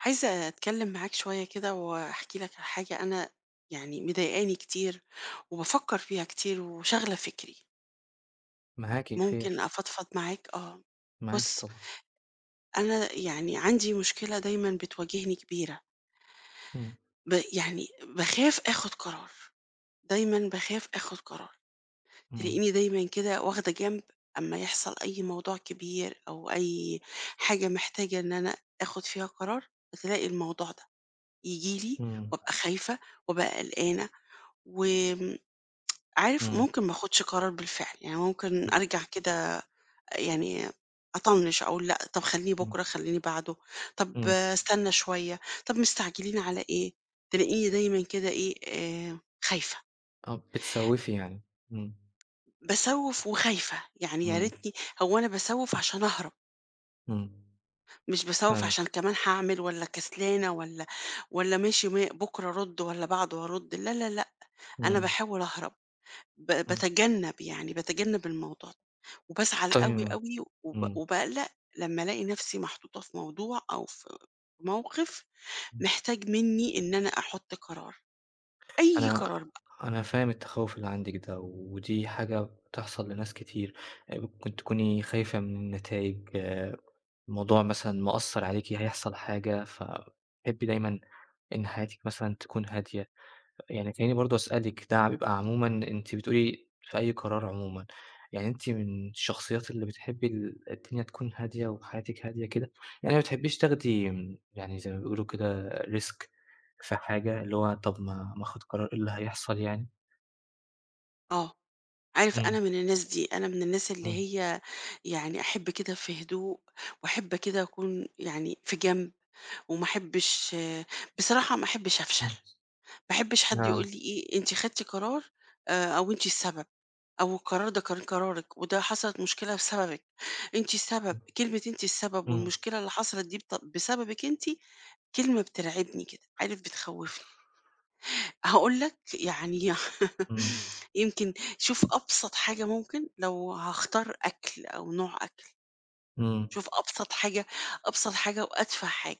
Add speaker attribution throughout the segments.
Speaker 1: عايزة أتكلِّم معاك شوية كده وأحكي لك على حاجة أنا يعني مضايقاني كتير وبافكّر فيها كتير وشاغلة فِكري.
Speaker 2: معاكِ، خير؟
Speaker 1: ممكن أفضفض معاك؟ آه.
Speaker 2: معاكِ
Speaker 1: بُص
Speaker 2: طبعًا.
Speaker 1: أنا يعني عندي مشكلة دايمًا بتواجهني كبيرة.
Speaker 2: إمم.
Speaker 1: ب يعني باخاف آخُد قرار، دايمًا باخاف آخُد قرار.
Speaker 2: إمم.
Speaker 1: تلاقيني دايمًا كده واخدة جنب أمّا يحصل أي موضوع كبير أو أي حاجة محتاجة إن أنا آخُد فيها قرار، فتلاقي الموضوع ده ييجي لي
Speaker 2: إمم.
Speaker 1: وأبقى خايفة، وأبقى قلقانة وم عارف
Speaker 2: إمم.
Speaker 1: ممكن ما آخُدش قرار بالفعل، يعني ممكن
Speaker 2: امم،
Speaker 1: أرجع كده يعني أطنِّش أقول لأ، طَب خلّيه
Speaker 2: إمم.
Speaker 1: بكرة، خلّيني بعده، طَب
Speaker 2: إمم.
Speaker 1: أستنّى شوية، طَب مستعجلين على إيه؟ تلاقيني دايمًا كده إيه، آآ خايفة.
Speaker 2: آه، بتسوِّفي يعني، إمم.
Speaker 1: باسوِّف وخايفة، يعني يا
Speaker 2: إمم.
Speaker 1: ريتني هو أنا باسوِّف عشان أهرب.
Speaker 2: إمم.
Speaker 1: مش باسوِّف عشان
Speaker 2: فاهمِك.
Speaker 1: كمان هاعمل والّا كسلانة والّا والّا ماشي ما بكرة أرُد والّا بعده أرُد، لا، لا، لأ، أنا
Speaker 2: إمم.
Speaker 1: باحاول أهرب. ب
Speaker 2: إمم.
Speaker 1: باتجنَّب، يعني باتجنَّب الموضوع د وبازعل
Speaker 2: طي
Speaker 1: أوي، أوي وب
Speaker 2: إمم.
Speaker 1: وباقلّق لمّا ألاقي نَفْسي محطوطة في موضوع أو في موقِف
Speaker 2: امم.
Speaker 1: محتاج منّي إن أنا أحُط قرار، أي
Speaker 2: أنا
Speaker 1: قرار بقى.
Speaker 2: أنا فاهم التخوُّف اللي عندِك ده ودي حاجة بتحصل لناس كتير، آآ ممكن تكوني خايفة مِن النتايج، موضوع مثلًا مأثّر عليكِ، هيحصل حاجة، فبتحبّي دايمًا إن حياتِك مثلًا تكون هادية. يعني تلاقيني برضه أسألِك ده بيبقى عمومًا أنتِ بتقولي في أي قرار عمومًا، يعني أنتِ مِن الشخصيات اللي بتحبّي ال الدنيا تكون هادية وحياتِك هادية كده، يعني ما بتحبّيش تاخدي م يعني زي ما بيقولوا كده Risk في حاجة، اللي هو طَب ما ما آخُد قرار، إيه اللي هيحصل يعني؟
Speaker 1: آه. عارف،
Speaker 2: إمم.
Speaker 1: أنا من الناس دي، أنا من الناس اللي
Speaker 2: إمم.
Speaker 1: هي يعني أحِب كده في هدوء وأحِب كده أكون يعني في جنب وما أحبّش بصراحة ما أحبّش أفشل،
Speaker 2: إمم.
Speaker 1: ما أحبّش حد
Speaker 2: آه.
Speaker 1: يقول لي إيه، أنتِ خدتِ قرار آآ أو أنتِ السبب أو القرار ده كان قرارِك وده حصلِت مشكلة بسببِك، أنتِ السبب،
Speaker 2: إمم،
Speaker 1: كلمة أنتِ السبب
Speaker 2: إمم.
Speaker 1: والمشكلة اللي حصلِت دي بت بسببِك أنتِ، كلمة بترعبني كده، عارف، بتخوّفني. هاقول لك، يعني ي
Speaker 2: إمم.
Speaker 1: يمكن شوف أبسَط حاجة ممكن لو هاختار أكل أو نوع أكل،
Speaker 2: إمم.
Speaker 1: شوف أبسَط حاجة، أبسَط حاجة وأتفَه حاجة.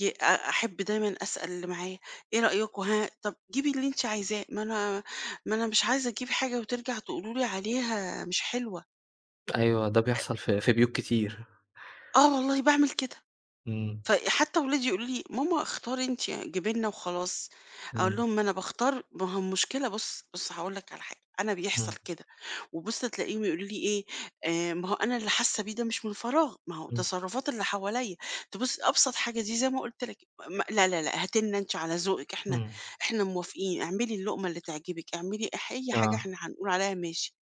Speaker 1: ي أ أحب دايمًا أسأل اللي معايا، إيه رأيكم ها؟ طَب جيبي اللي أنتِ عايزاه. ما أنا ما أنا مش عايزة أجيب حاجة وترجع تقولوا لي عليها مش حلوة.
Speaker 2: أيوه، ده
Speaker 1: أ
Speaker 2: بيحصل في في بيوت كتير.
Speaker 1: آه والله باعمل كده.
Speaker 2: إمم.
Speaker 1: ف حتّى ولادي يقولوا لي: "ماما اختاري أنتِ، جيبي لنا وخلاص." أقول
Speaker 2: إمم.
Speaker 1: لهم: "ما أنا باختار." ما هو المشكلة بُص، بُص هاقول لك على حاجة. أنا بيحصل
Speaker 2: إمم.
Speaker 1: كده وبُص تلاقيهم يقولوا لي إيه، آآ ما هو أنا اللي حاسّة بيه ده مش من فراغ، ما هو
Speaker 2: إمم.
Speaker 1: تصرفات اللي حواليّا، تبُص أبسط حاجة دي زي ما قُلت لك: "م لا، لا، لأ هاتي لنا أنتِ على ذوقِك، إحنا
Speaker 2: إمم.
Speaker 1: إحنا موافقين. اعملي اللُقمة اللي تعجبِك، اعملي أح أي حاجة
Speaker 2: آه.
Speaker 1: إحنا هنقول عليها ماشي."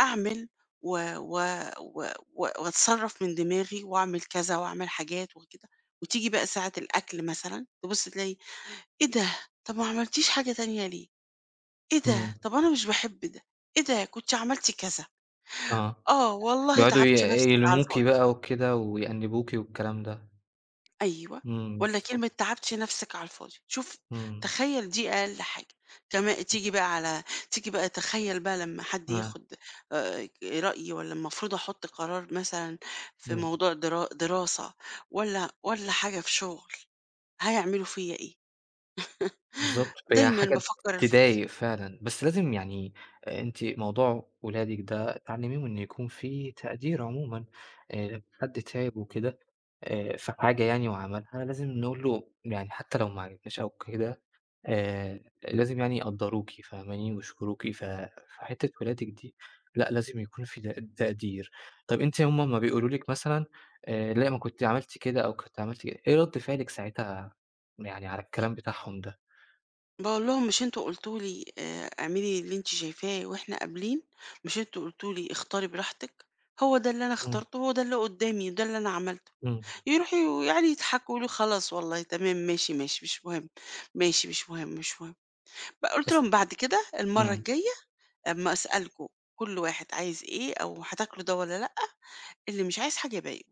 Speaker 1: أعمل و و و و وأتصرّف من دماغي وأعمل كذا وأعمل حاجات وكده وتيجي بقى ساعة الأكل مثلًا، تبُص تلاقي "إيه ده؟ طَب ما عملتيش حاجة تانية ليه؟ إيه ده؟
Speaker 2: إمم.
Speaker 1: طَب أنا مش باحب ده، إيه ده؟ كنت عملتِ،" كذا.
Speaker 2: آه.
Speaker 1: آه، "والله
Speaker 2: يقعُدوا ي
Speaker 1: تعبتِ نَفْسِك على
Speaker 2: يلموكِ
Speaker 1: الفاضي.".
Speaker 2: بقى وكده ويأنِّبوكِ والكلام ده.
Speaker 1: أيوه،
Speaker 2: إمم،
Speaker 1: والّا
Speaker 2: بالضب
Speaker 1: كلمة تعبتِ نَفْسِك على الفاضي. شوف،
Speaker 2: إمم.
Speaker 1: تخيّل دي أقل حاجة. كما تيجي بقى على تيجي بقى تخيّل بقى لمّا حد
Speaker 2: آه.
Speaker 1: ياخُد آآ رأيي والّا المفروض أحُط قرار مثلًا في
Speaker 2: إمم.
Speaker 1: موضوع درا دراسة والّا والّا حاجة في شُغل، هيعملوا فيّا إيه؟
Speaker 2: بالضبط، هي
Speaker 1: دايمًا
Speaker 2: حاجة
Speaker 1: بافكّر في كده.
Speaker 2: تضايق فعلًا، بس لازم يعني آآ أنتِ موضوع ولادِك ده تعلِّميهم إن يكون في تقدير عمومًا، آآ حد تعِب وكده آآ في حاجة يعني وعملها، لازم نقول له يعني حتّى لو ما عجبتناش أو كده، آآ لازم يعني يقدَّروكِ، فاهماني، ويشكروكِ، ف فحتّة ولادِك دي، لأ، لازم يكون في ت تقدير. طَب أنتِ هم امّا بيقولوا لِك مثلًا، آآ لأ، ما كنتِ عملتِ كده أو كنتِ عملتِ إيه رَد فعلِك ساعتها يعني على الكلام بتاعهم ده؟
Speaker 1: باقول لهم: "مش أنتم قُلتوا لي آآ اعملي اللي أنتِ شايفاه وإحنا قابلين؟ مش أنتم قُلتوا لي اختاري براحتِك؟ هو ده اللي أنا
Speaker 2: إمم.
Speaker 1: اخترته، هو ده اللي قُدّامي، ده اللي أنا عملته."
Speaker 2: إمم.
Speaker 1: يروحوا ويقعُدوا يضحكوا يقولوا: "خلاص والله تمام، ماشي، ماشي، مش مهم. ماشي، مش مهم، مش مهم." ب قُلت
Speaker 2: بس
Speaker 1: لهم: "بعد كده المرّة
Speaker 2: إمم.
Speaker 1: الجاية أمّا أسألكم كل واحد عايز إيه أو هتاكلوا ده والّا لأ، اللي مش عايز حاجة يبي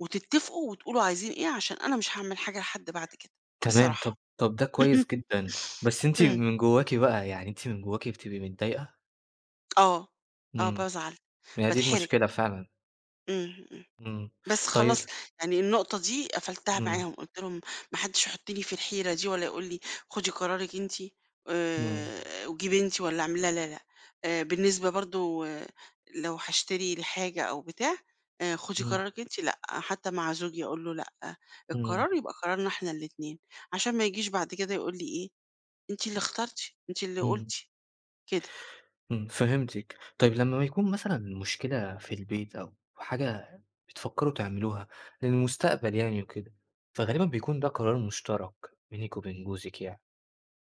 Speaker 1: وتتفقوا وتقولوا عايزين إيه علشان أنا مش هاعمل حاجة لحد بعد كده
Speaker 2: تمام، طَب
Speaker 1: بصراحة."
Speaker 2: طَب ده كويس جدًا، بس أنتِ
Speaker 1: إمم.
Speaker 2: من جوّاكِ بقى، يعني أنتِ من جوّاكِ بتبقي متضايقة؟
Speaker 1: آه، آه
Speaker 2: إمم.
Speaker 1: بازعل،
Speaker 2: هي دي
Speaker 1: باتحرج.
Speaker 2: المشكلة فعلًا.
Speaker 1: إمم، إمم.
Speaker 2: إمم.
Speaker 1: بس
Speaker 2: طي
Speaker 1: خلاص، يعني النقطة دي قفُلتها
Speaker 2: إمم.
Speaker 1: معاهم، قُلت لهم: "ما حدّش يحُطّني في الحيرة دي والّا يقول لي خُدي قرارِك أنتِ
Speaker 2: إمم.
Speaker 1: آآ وجيبي أنتِ والّا اعملي." لا، لا، لأ. آآ بالنسبة برضه لو هاشتري الحاجة أو بتاع، آآ "خُدي
Speaker 2: إمم.
Speaker 1: قرارِك أنتِ" لأ، حتّى مع زوجي أقول له: "لأ،
Speaker 2: إمم.
Speaker 1: القرار يبقى قرارنا إحنا الاتنين." علشان ما يجيش بعد كده يقول لي إيه، أنتِ اللي اخترتِ، أنتِ اللي
Speaker 2: إمم.
Speaker 1: قُلتِ، كده.
Speaker 2: إمم، فهمتِك. طيب لمّا بيكون مثلًا مشكلة في البيت أو حاجة بتفكّروا تعملوها للمستقبل يعني وكده، فغالبًا بيكون ده قرار مُشترَك بينِك وبين جوزِك يعني،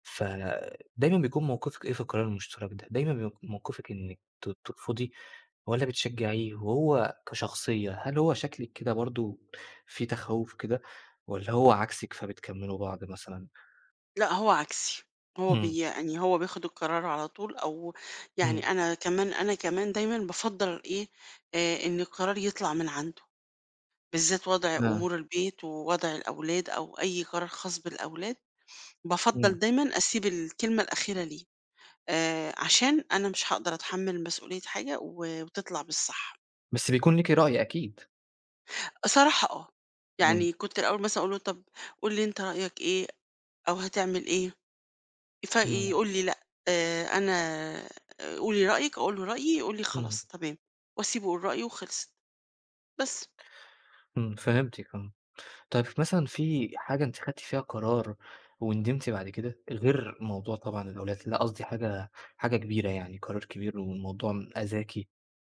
Speaker 2: فدايمًا بيكون موقِفِك إيه في القرار المُشترَك ده؟ دايمًا بيك موقِفِك إنِّك ت ترفُضي والّا بتشجّعيه؟ وهو كشخصية، هل هو شكلِك كده برضه في تخوّف كده والّا هو عكسِك، فبتكمِّلوا بعض مثلًا؟
Speaker 1: لا، هو عكسي، هو
Speaker 2: إمم.
Speaker 1: بي يعني، هو بياخد القرار على طول أو
Speaker 2: إمم.
Speaker 1: يعني، أنا كمان أنا كمان دايمًا بافضّل إيه، آآ، إن القرار يطلَع من عنده، بالذات وضع
Speaker 2: آه.
Speaker 1: أمور البيت ووضع الأولاد أو أي قرار خاص بالأولاد،
Speaker 2: إمم.
Speaker 1: بافضّل دايمًا أسيب الكلمة الأخيرة ليه، آآ، عشان أنا مش هاقدر أتحمل مسؤولية حاجة و وتطلَع مش صح.
Speaker 2: بس بيكون ليكِ رأي أكيد.
Speaker 1: صراحة آه،
Speaker 2: إمم.
Speaker 1: يعني كنت الأول مثلًا أقول له: "طَب قُل لي أنتِ رأيك إيه؟ أو هتعمل إيه؟"
Speaker 2: إمم.
Speaker 1: فيقول لي: "لأ، آآ، أنا قولي رأيِّك." أقول له رأيي، يقول لي:
Speaker 2: إمم.
Speaker 1: "خلاص تمام." وأسيبه يقول رأيه وخلصت، بس.
Speaker 2: إمم، فهمتِك آه. طَب ف مثلًا في حاجة أنتِ خدّتِ فيها قرار وندمتِ بعد كده؟ غير موضوع طبعًا الأولاد، لأ، قصدي حاجة حاجة كبيرة يعني، قرار كبير والموضوع أذاكِ،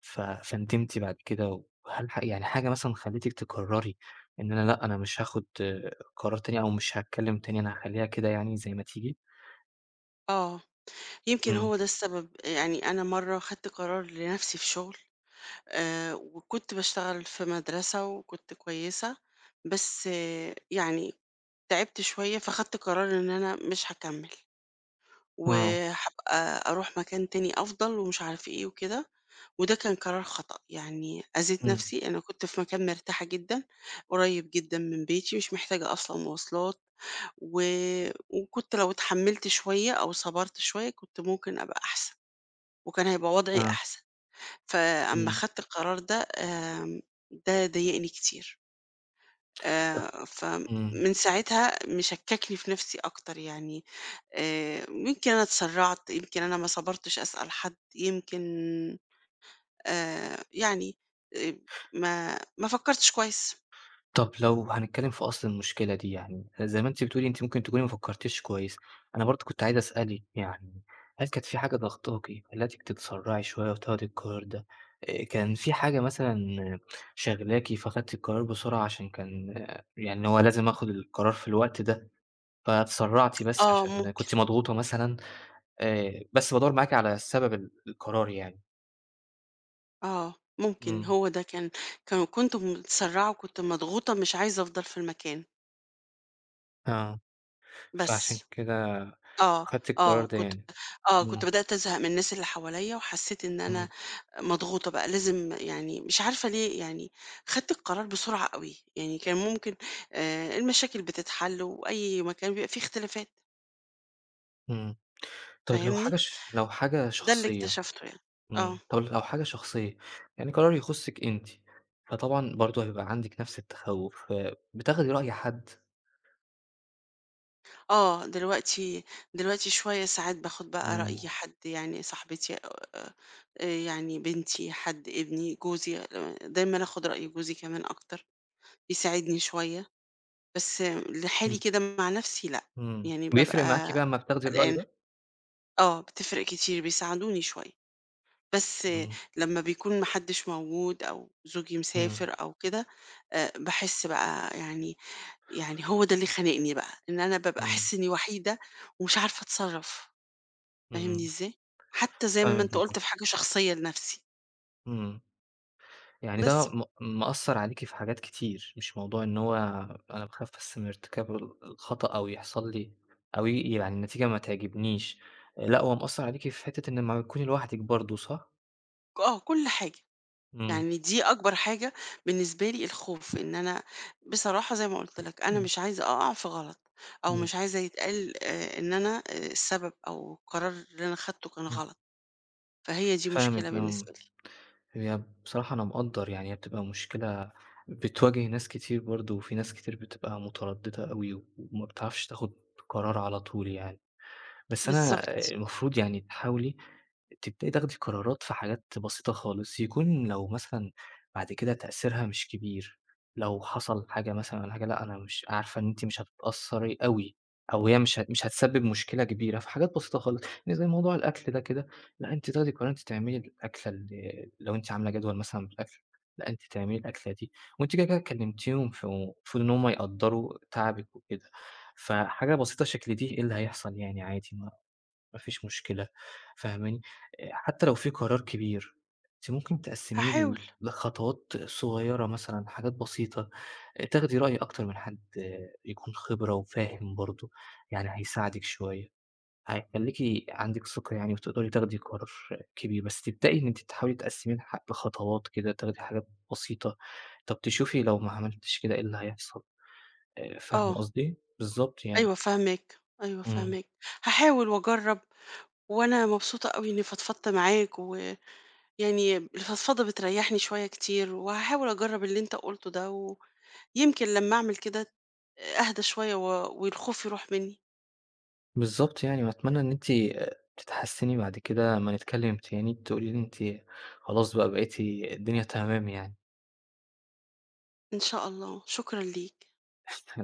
Speaker 2: ف فندمتِ بعد كده و هل ح يعني حاجة مثلًا خلّتِك تقرري إن أنا لأ، أنا مش هاخد قرار تاني أو مش هاتكلم تاني، أنا هاخلّيها كده يعني زي ما تيجي؟
Speaker 1: آه، يمكن
Speaker 2: إمم.
Speaker 1: هو ده السبب آآ يعني أنا مرّة خدت قرار لنفسي في شغل، آآ وكنت باشتغل في مدرسة وكنت كويسة، بس يعني تعبت شوية فخدت قرار إن أنا مش هاكمّل،
Speaker 2: آه.
Speaker 1: وهابقى أروح مكان تاني أفضل ومش عارفة إيه وكده، وده كان قرار خطأ، يعني أذيت
Speaker 2: إمم.
Speaker 1: نفسي، أنا كنت في مكان مرتاحة جدًا، قريب جدًا من بيتي، مش محتاجة أصلًا مواصلات، و وكنت لو اتحمّلت شوية أو صبرت شوية كنت ممكن أبقى أحسن، وكان هيبقى وضعي
Speaker 2: آه.
Speaker 1: أحسن. فأمّا
Speaker 2: إمم.
Speaker 1: خدت القرار ده آمم ده ضايقني كتير.
Speaker 2: ط
Speaker 1: آآ
Speaker 2: إمم.
Speaker 1: فمن ساعتها مشككني في نفسي أكتر يعني آآ يمكن أنا اتسرعت، يمكن أنا ما صبرتش أسأل حد، يمكن آآ يعني آآ ما ما فكرتش كويس.
Speaker 2: طَب لو هنتكلم في أصل المشكلة دي يعني، زي ما أنتِ بتقولي أنتِ ممكن تكوني ما فكرتيش كويس، أنا برضه كنت عايز أسألِك يعني هل كانت في حاجة ضاغطاكِ خلتِك تتسرعي شوية وتاخدي القرار ده؟ آآ كان فيه حاجة مثلًا شاغلاكِ فخدتِ القرار بسرعة علشان كان يعني هو لازم آخد القرار في الوقت ده، فاتسرعتِ بس
Speaker 1: آه
Speaker 2: علشان
Speaker 1: ممكن.
Speaker 2: كنتِ مضغوطة مثلًا؟ آآ بس بادوّر معاكِ على سبب ال القرار يعني.
Speaker 1: آه ممكن،
Speaker 2: إمم.
Speaker 1: هو ده كان كان كنت متسرَّعة وكنت مضغوطة مش عايزه أفضل في المكان.
Speaker 2: آه. فعشان
Speaker 1: بس.
Speaker 2: كده
Speaker 1: آه،
Speaker 2: خدتِ القرار
Speaker 1: آه،
Speaker 2: ده
Speaker 1: كنت
Speaker 2: يعني.
Speaker 1: آه، كنت
Speaker 2: إمم.
Speaker 1: بدأت أزهق من الناس اللي حواليّا وحسّيت إن أنا
Speaker 2: إمم.
Speaker 1: مضغوطة بقى لازم يعني مش عارفة ليه، يعني خدت القرار بسرعة أوي، يعني كان ممكن آآ المشاكل بتتحل وأي مكان بيبقى فيه اختلافات.
Speaker 2: إمم. طَب لو حاجة
Speaker 1: فاهمني؟
Speaker 2: ش لو حاجة
Speaker 1: ده اللي
Speaker 2: شخصيّة؟
Speaker 1: اكتشفته يعني.
Speaker 2: إمم،
Speaker 1: آه.
Speaker 2: طَب لو حاجة شخصية، يعني قرار يخُصِّك أنتِ، فطبعًا برضه هيبقى عندِك نَفْس التَخُّوف، فبتاخدي رأي حد؟
Speaker 1: آه، دلوقتي دلوقتي شوية ساعات باخُد بقى رأي
Speaker 2: إمم
Speaker 1: حد يعني صاحبتي آآ آآ يعني بنتي، حد، ابني، جوزي آآ دايمًا آخُد رأي جوزي كمان أكتر، بيساعدني شوية. بس لحالي
Speaker 2: إمم.
Speaker 1: كده مع نَفْسي لأ،
Speaker 2: إمم.
Speaker 1: يعني
Speaker 2: بيفرِق
Speaker 1: بابقى
Speaker 2: معاكِ بقى أمّا بتاخدي الرأي
Speaker 1: قلقانة.
Speaker 2: ده؟
Speaker 1: آه، بتفرِق كتير بيساعدوني شوية. بس
Speaker 2: إمم.
Speaker 1: لمّا بيكون ما حدّش موجود أو زوجي
Speaker 2: إمم.
Speaker 1: مسافر أو كده، آآ باحس بقى يعني يعني هو ده اللي خانقني بقى، إن أنا بابقى
Speaker 2: إمم.
Speaker 1: أحس إنّي وحيدة ومش عارفة أتصرّف، فاهمني
Speaker 2: إمم.
Speaker 1: إزاي؟ حتّى زي ما
Speaker 2: فاهمِك،
Speaker 1: أنت قُلت
Speaker 2: بالضبط.
Speaker 1: في حاجة شخصيّة لنَفْسي.
Speaker 2: إمم. يعني ده
Speaker 1: بس
Speaker 2: م مأثّر عليكِ في حاجات كتير، مش موضوع إن هو "أنا باخاف بس من ارتكاب ال الخطأ أو يحصل لي أو ي يعني النتيجة ما تعجبنيش." آآ لأ، هو مأثّر عليكِ في حتّة إن لمّا بتكوني لوحدِك برضه، صح؟
Speaker 1: ك آه، كل حاجة،
Speaker 2: إمم.
Speaker 1: يعني دي أكبر حاجة بالنسبة لي الخوف إن أنا بصراحة زي ما قُلت لَك أنا
Speaker 2: إمم.
Speaker 1: مش عايزة أقع في غلط، أو
Speaker 2: إمم.
Speaker 1: مش عايزة يتقال آآ إن أنا آآ السبب، أو القرار اللي أنا خدته كان
Speaker 2: إمم.
Speaker 1: غلط، فهي دي مشكلة
Speaker 2: فاهمِك،
Speaker 1: بالنسبة
Speaker 2: إمم.
Speaker 1: لي.
Speaker 2: هي بصراحة أنا مقدّر يعني هي بتبقى مشكلة بتواجه ناس كتير برضه، وفي ناس كتير بتبقى مترددة أوي و وما بتعرفش تاخد قرار على طول يعني، بس أنا
Speaker 1: بالضبط.
Speaker 2: المفروض يعني تحاولي تبدئي تاخدي قرارات في حاجات بسيطة خالص، يكون لو مثلًا بعد كده تأثيرها مش كبير، لو حصل حاجة مثلًا والّا حاجة، لأ، أنا مش عارفة إن أنتِ مش هتتأثّري أوي أو هي مش هت مش هتسبب مشكلة كبيرة، في حاجات بسيطة خالص، يعني زي موضوع الأكل ده كده، لأ، أنتِ تاخدي القرار أنتِ تعملي الأكلة ال لو أنتِ عاملة جدول مثلًا بالأكل، لأ، أنتِ تعملي الأكلة دي، وأنتِ كده كده كلمتيهم، ف فالمفروض إن هُم يقدّروا تعبِك وكده. فحاجة بسيطة شكل دي إيه اللي هيحصل يعني عادي ما ما فيش مشكلة، فاهماني؟ آآ، حتّى لو في قرار كبير، أنتِ ممكن تقسّميه
Speaker 1: هاحاول.
Speaker 2: ل لخطوات صغيّرة مثلًا، حاجات بسيطة، آآ، تاخدي رأي أكتر من حَد يكون خِبرة وفاهم برضه، يعني هيساعدِك شوية، هيخلّيكِ عندِك ثقة يعني وتقدري تاخدي قرار كبير، بس تبدئي إن أنتِ تحاولي تقسّميه لح لخطوات كده، تاخدي حاجات بسيطة، طَب تشوفي لو ما عملتيش كده إيه اللي هيحصل. آآ، فاهمة
Speaker 1: آه.
Speaker 2: قصدي؟ بالضبط يعني.
Speaker 1: أيوه فاهماك، أيوه
Speaker 2: إمم.
Speaker 1: فاهماك. هاحاول وأجرّب، وأنا مبسوطة أوي إنّي فضفضت معاك، ويعني الفضفضة بتريّحني شوية كتير، وهاحاول أجرّب اللي أنت قُلته ده، ويمكن لمّا أعمل كده أهدى شوية و والخوف يروح منّي.
Speaker 2: بالضبط يعني، وأتمنى إن أنتِ، آآ، تتحسّني بعد كده أمّا نتكلم تاني تقولي لي أنتِ خلاص بقى بقيتِ الدنيا تمام يعني.
Speaker 1: إن شاء الله، شكرًا ليك.
Speaker 2: الع